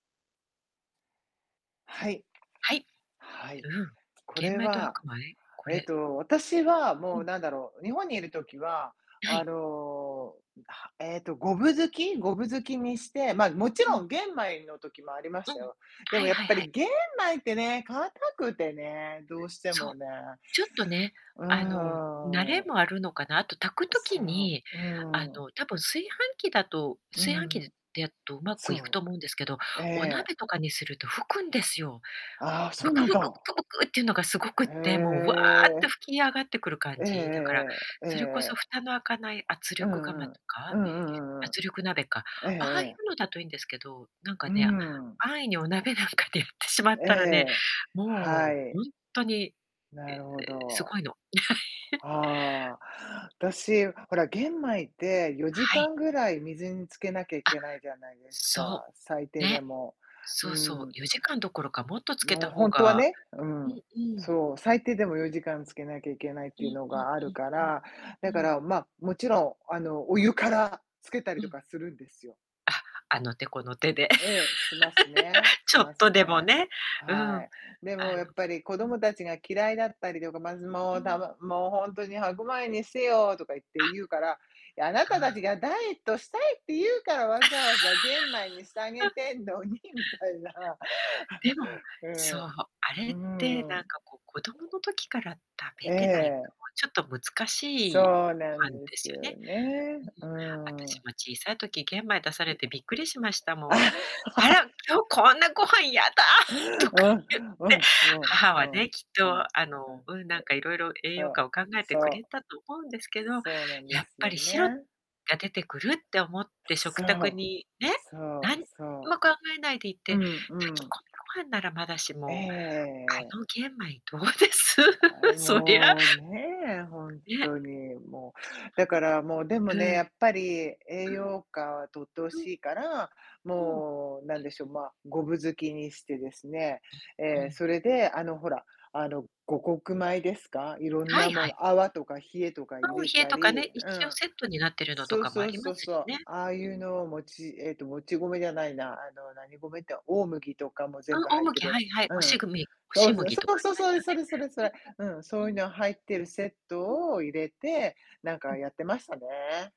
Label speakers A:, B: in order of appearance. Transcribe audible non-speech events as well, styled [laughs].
A: はい。
B: はい。
A: はい。
B: うん、
A: こ
B: 玄
A: れ
B: 米と
A: は、
B: 白米、こ
A: えっ
B: れ
A: と、私は、
B: う
A: も
B: ん。
A: う、なんだろう、日本にいる時は、
B: あ、は
A: あ
B: い。
A: の、はえっと、5分づき5分づきにして、ま、もち
B: う
A: ろ
B: ん。
A: ん玄米の時もありま
B: う
A: した
B: ん、
A: よ。で
B: は
A: も、
B: い
A: やっ
B: はい
A: ぱ
B: はい。
A: り玄米ってね、硬くてね、どうして
B: そう。
A: もね。
B: ちょっとね、
A: う
B: あの、慣れ
A: ーん。
B: もあるのかな。あと、炊く
A: う、そ
B: 時に、
A: う、う
B: あ
A: ーん。
B: の、たぶん、炊飯器だと
A: うん
B: 炊
A: う
B: 飯器
A: んう
B: で
A: ん。
B: でやっとうまく
A: そ
B: いくと思うんですけど、
A: う、え
B: お鍋
A: え。
B: とかにすると吹くんですよ。
A: あ、そ
B: ブ
A: う
B: ク
A: なん
B: ブク、ブ
A: だ。
B: クブクっていうのがすごくっ
A: へ
B: て、もう、わって
A: え。
B: 吹き上がってくる感
A: え
B: じ。だから、
A: えええええ。ええ
B: それこ
A: え
B: そ、
A: え。
B: 蓋の開かない圧
A: う
B: 力釜
A: んう
B: と
A: ん。
B: か、
A: うんうんうんうん。
B: 圧力鍋か、
A: ええ
B: ああい
A: ええ。
B: うのだといいんですけど、なんか、
A: うー
B: ね、
A: ん。
B: 安易にお鍋なんかでやってしまっ
A: え
B: たらね、
A: え、は
B: もう、
A: い。
B: ほんとに、
A: なるほ
B: [unintelligible] す
A: ど。
B: ごいの。[laughs]
A: ああ、私、ほら、玄米ってよじ
B: は
A: か
B: い。
A: んぐらい水につけなきゃい
B: あ、
A: けないじゃないですか、
B: そ
A: 最
B: う。
A: 低で
B: ね。
A: も、う
B: そうそ
A: ー
B: う、
A: ん。
B: 4時間どころか、もっとつけ
A: も
B: た
A: う、ほ
B: 方
A: んとは
B: が
A: ね、う
B: うん
A: ん、
B: うん。
A: そう、最低でも4時間つけなきゃいけないっ
B: う
A: ていう
B: ん
A: の
B: うん
A: があるか
B: うん
A: ら、
B: う
A: だ
B: ん。
A: か
B: うん。
A: ら、ま、もちろん、あの、お湯からつけたり
B: う
A: と
B: ん。
A: かするんですよ。
B: あ、あの手この手で。
A: ええ。しますね、
B: [laughs] ち
A: し
B: ょっ
A: ます
B: とでも
A: ね。
B: ね、うー
A: は
B: ん、
A: い。で
B: あ
A: も、や
B: の
A: っぱり子
B: うん。
A: 供達が嫌いだったりとか、まず、も
B: うー
A: う、た、
B: ん。
A: もう「もう、ほんとに白米にしてよ」とか言って
B: あ。
A: 言うから、いや「あな
B: あ
A: た
B: あ。
A: 達がダイエットしたいって言うから、わざわざ玄米にしてあげ
B: [laughs]
A: てんのに」みたいな。
B: でも、そう、
A: [laughs]
B: あれ
A: うん。
B: って、
A: うー
B: なん
A: ん。
B: か、こう、子供の時から食
A: え
B: べてないと、
A: え。
B: もう、ちょっと、難しい
A: そう
B: ご
A: なん
B: 飯
A: で
B: です
A: す
B: よね。
A: よね。
B: うん、
A: うー
B: 私
A: ん。
B: も小さい時、玄米出されてびっくりしました
A: [swallows] あ
B: もん
A: あ。
B: 「あら、今日
A: [laughs]
B: こんなご飯やだ」
A: う
B: と
A: ん、
B: か
A: うん、
B: 言っ
A: う
B: て、
A: ん、うん、
B: 母
A: う
B: は
A: ん、
B: ね、きっ
A: うん。
B: と、あの、うん、
A: え、
B: なんか、いろいろ栄養
A: あ。
B: 価を考えて
A: そう、そ
B: くれ
A: う。
B: たと思うんですけど、
A: そうなんで
B: やっ
A: す
B: ぱ
A: よ
B: り、白
A: ね。
B: が出てくるって思って
A: そ
B: 食卓
A: う、
B: に、ね、
A: そう、
B: 何に
A: そ
B: も考えないでい
A: う。
B: て、
A: うん
B: 炊
A: う
B: き
A: ん。
B: 込みご飯ならまだし
A: えええ
B: も、
A: ええ
B: あ
A: え。
B: の、玄米どうです？
A: はあ、
B: そりゃ
A: もう、ねえ、ほん
B: ね。
A: とに、もう。だから、もう、でも
B: う
A: ね、
B: ん。
A: やっぱり栄
B: うん。
A: 養価はとって欲
B: うん。
A: しいから、
B: うーん。
A: もう、なんでしょう、ま、5分づきにしてですね。
B: うん、う
A: え、
B: ん。
A: それで、あの、ほら、あの、五穀米ですか、色ん
B: は
A: な
B: いは
A: も
B: い。
A: の、アワとかヒエとか入
B: うん、
A: れ
B: ヒエ
A: た
B: とか
A: り
B: ね、
A: う
B: 一応
A: ん。
B: セットになってるのと
A: そう
B: かもあ
A: そう
B: りま
A: そう
B: す
A: そ
B: し
A: う。
B: ね。
A: ああい
B: うう
A: う
B: ん。
A: のをもちえと、もち米じゃないな、あの、何米って、大麦とかも
B: あ、
A: 全部
B: 大
A: 入って
B: 麦、
A: るや
B: はい
A: つ
B: はい。
A: う
B: お
A: んう
B: し
A: ん。
B: ぐみお
A: そ
B: し
A: うそ
B: 麦とか
A: う、
B: あり
A: そう、そ、
B: ま
A: そ
B: す
A: れそれそれそれ。
B: よ
A: うん、
B: ね。
A: そうい
B: [unintelligible]
A: う
B: うん。
A: の入ってるセッ
B: うん。
A: トを入れて、なん
B: う
A: か、
B: ん。
A: やってましたね。